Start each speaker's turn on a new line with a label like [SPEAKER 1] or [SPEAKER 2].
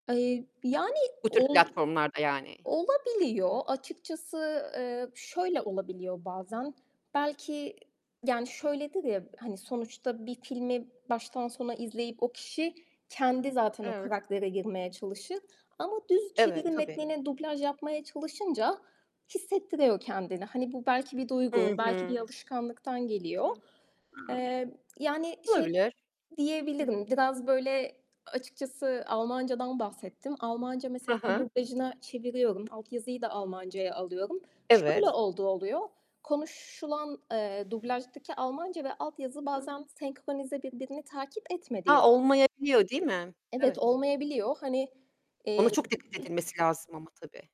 [SPEAKER 1] Eee, yani
[SPEAKER 2] Bu tür
[SPEAKER 1] ol
[SPEAKER 2] platformlarda yani.
[SPEAKER 1] olabiliyor. Açıkçası, eee, şöyle olabiliyor bazen. Belki, yani, şöyledir ya, hani, sonuçta bir filmi baştan sona izleyip o kişi kendi zaten o
[SPEAKER 2] Evet.
[SPEAKER 1] karaktere girmeye çalışır ama düz
[SPEAKER 2] Evet,
[SPEAKER 1] çeviri
[SPEAKER 2] tabii.
[SPEAKER 1] metnine dublaj yapmaya çalışınca hissettiriyor kendini. Hani, bu belki bir duygu,
[SPEAKER 2] Hı
[SPEAKER 1] belki bir
[SPEAKER 2] hı.
[SPEAKER 1] alışkanlıktan geliyor.
[SPEAKER 2] Hı. [unintelligible]
[SPEAKER 1] Eee, yani, şey
[SPEAKER 2] Olabilir, hı.
[SPEAKER 1] diyebilirim. Biraz böyle açıkçası Almanca'dan bahsettim. Almanca
[SPEAKER 2] Hı
[SPEAKER 1] mesela
[SPEAKER 2] hı.
[SPEAKER 1] dublajına çeviriyorum. Altyazıyı da Almancaya alıyorum. Şöyle
[SPEAKER 2] Evet.
[SPEAKER 1] olduğu oluyor: Konuşulan, eee, dublajdaki Almanca ve altyazı
[SPEAKER 2] Hı.
[SPEAKER 1] bazen senkronize birbirini takip etmediği
[SPEAKER 2] Ha, olmayabiliyor değil mi?
[SPEAKER 1] Evet
[SPEAKER 2] Evet.
[SPEAKER 1] olmayabiliyor. Hani,
[SPEAKER 2] Ona
[SPEAKER 1] eee
[SPEAKER 2] çok dikkat edilmesi lazım ama tabii.